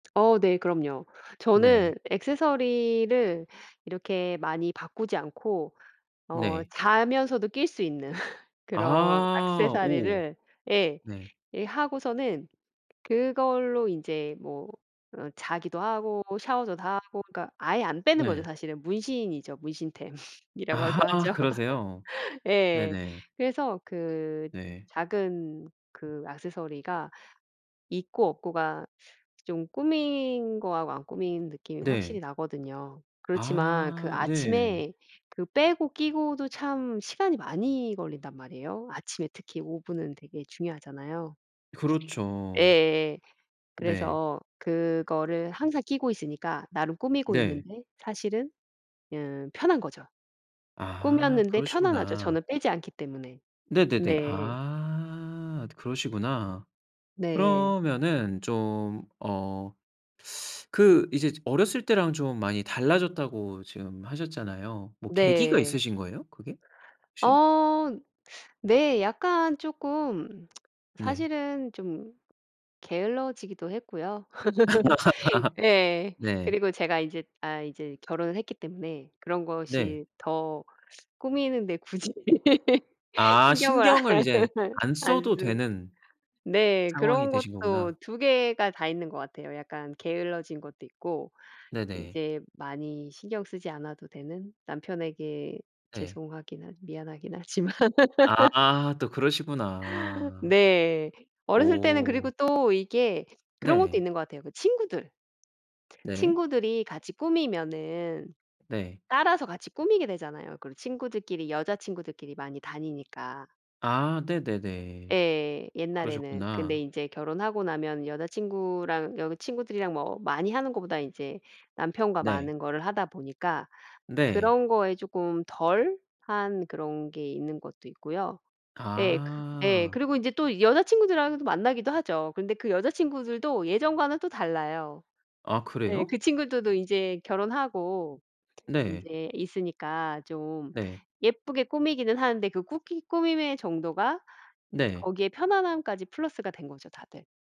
어 네 그럼요. 네. 저는 액세서리를 이렇게 많이 바꾸지 않고 어 네. 자면서도 낄 수 있는 그런 아 오. 액세서리를 예 네. 예 하고서는 그걸로 인제 뭐 어 자기도 하고 샤워도 다 하고 그러니까 아예 안 빼는 거죠 네. 사실은 문신이죠. 문신템 이라고도 아 하죠. 그러세요? 예. 네네. 그래서 그 네. 작은 그 액세서리가 있고 없고가 좀 꾸민 거하고 안 꾸민 느낌이 확실히 네. 나거든요. 그렇지만 그 아 네. 아침에 그 빼고 끼고도 참 시간이 많이 걸린단 말이에요. 아침에 특히 5 분은 되게 중요하잖아요. 그렇죠. 예예. 네. 그래서 그거를 항상 끼고 있으니까 나름 꾸미고 네. 있는데 사실은 음 편한 거죠. 아 꾸몄는데 편안하죠 그러시구나. 저는 빼지 않기 때문에. 네네네. 네. 아 그러시구나. 네. 그러면은 좀 어 그 이제 즈 어렸을 때랑 좀 많이 달라졌다고 지금 하셨잖아요. 뭐 계기가 네. 있으신 거예요? 그게? 혹시? 어 네 약간 쪼끔 네. 사실은 좀 게을러지기도 했고요. 예. 네. 그리고 제가 인제 아 이제 결혼을 했기 때문에 그런 네. 것이 더 꾸미는데 굳이 아 신경을 안 신경을 이제 안 안 써도 쓰 되는 네. 상황이 그런 되신 것도 거구나. 2 개가 다 있는 것 같아요. 약간 게을러진 것도 있고 네네. 이제 많이 신경 쓰지 않아도 되는 남편에게 네. 죄송하기는 미안하긴 하지만. 아 또 그러시구나. 네. 어렸을 때는 그리고 오. 또 이게 그런 것도 네. 있는 것 같아요 그 친구들. 네. 친구들이 같이 꾸미면은 네. 따라서 같이 꾸미게 되잖아요. 그리고 친구들끼리 여자친구들끼리 많이 다니니까. 아 네네네. 예. 옛날에는 근데 그러셨구나. 인제 결혼하고 나면 여자친구랑 여자 친구들이랑 뭐 많이 하는 것보다 이제 남편과 네. 많은 거를 하다 보니까 네. 그런 거에 쪼끔 덜 한 그런 게 있는 것도 있고요. 예 그 예 아. 그리고 인제 또 여자친구들하고 또 만나기도 하죠. 근데 그 여자친구들도 예전과는 또 달라요. 아 네 그래요? 그 친구들도 이제 결혼하고 네. 인제 있으니까 좀 네. 예쁘게 꾸미기는 하는데 그 꾸기 꾸밈의 정도가 네. 거기에 편안함까지 플러스가 된 거죠 다들.